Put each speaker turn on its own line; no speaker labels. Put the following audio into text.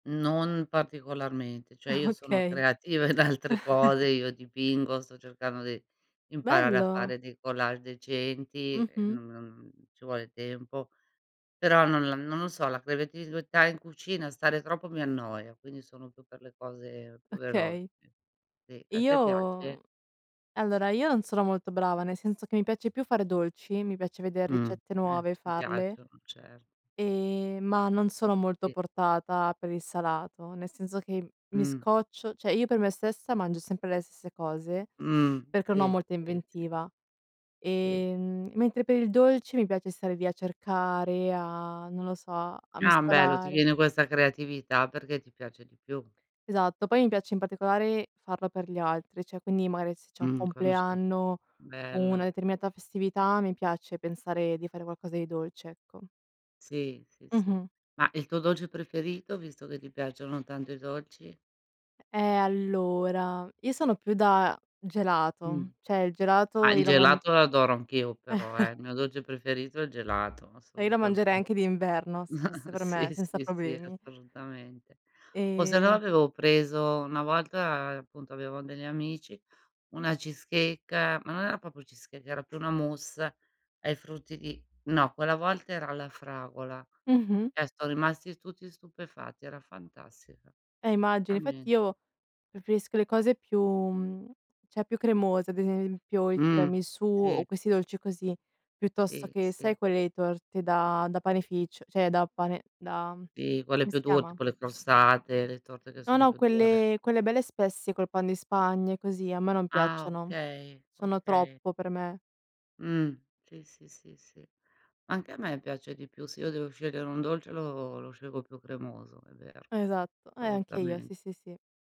Non particolarmente, cioè io sono
Okay.
creativa in altre cose, io dipingo, sto cercando di di imparare a
Bello!
fare dei collage decenti, e,
Mh-mh.
non non, mhmm, ci vuole tempo. Però non l non lo so, la creatività in cucina stare troppo mi annoia, quindi sono più per le cose più velo
Okay.
ì,s a te piace?
Io. Allora, io non sono molto brava, nel senso che mi piace più fare dolci, mi piace veder
Mh.
ricette
Ehm.
nuove e
Mi
farle.
piacciono, cert
Ehm, ma, non sono molto
Si.
portata per il salato, nel senso che mi
Mh.
scoccio, cioè io per me stessa mangio sempre le stesse cose,
Mh.
perché non ho
Si,
molta
si, si.
inventiva.
Si.
Ehm, mentre per il dolce, mi piace stare lì a cercare, a non lo so, a
Ah bello, ti
mescolare.
viene questa creatività perché ti piace di più.
Esatto, poi mi piace in particolare farlo per gli altri, cioè quindi magari se c'è un
Mh. Quando c'è
compleanno, una
bello!
determinata festività, mi piace pensare di fare qualcosa di dolce, ecco.
Sì, sì, sì.
Mh-mh.
Ma, il tuo dolce preferito? Visto che ti piacciono tanto i dolci.
E ehm, allora, io sono più da
Mh.
gelato, cioè il
Ah!
gelato
Il
io lo mang
gelato lo adoro anch'io però, eh! Il mio dolce preferito è il gelato,
E io lo mangerei
assolutamente.
anche d'inverno se fosse per me,
Sì,
senza
sì, sì,
problemi.
assolutamente. O sennò
Ehm
avevo preso una volta, uhm, appunto avevo degli amici, una cheesecake ma non era proprio cheesecake, era più una mousse ai frutti di no quella volta era la fragola.
Mh-mh.
Ehm, son rimasti tutti stupefatti, era fantastica.
Eh immagino. Infatti
[unintelligible]
io preferisco le cose più mhmm, cioè più cremose, ad esempio i
Mh.
tiramisù, o
Sì.
questi dolci così, piuttosto
Si,
che
si.
sai, quelle torte da da panificio, cioè da pane da
Si, quelle
come
più
si
dure,
chiama?
tipo le crostate, le torte che
No,
son
no,
più dure.
quelle quelle belle spesse col Pan di Spagna e così, a me non
Ah
piacciono.
okay!
Sono
Okay.
troppo per me.
Mh. Sì, sì, sì, sì. Anche a me piace di più. Se io devo scegliere un dolce, lo lo scelgo più cremoso, è vero,
Esatto, e anche io,
assolutamente.
sì, sì, sì.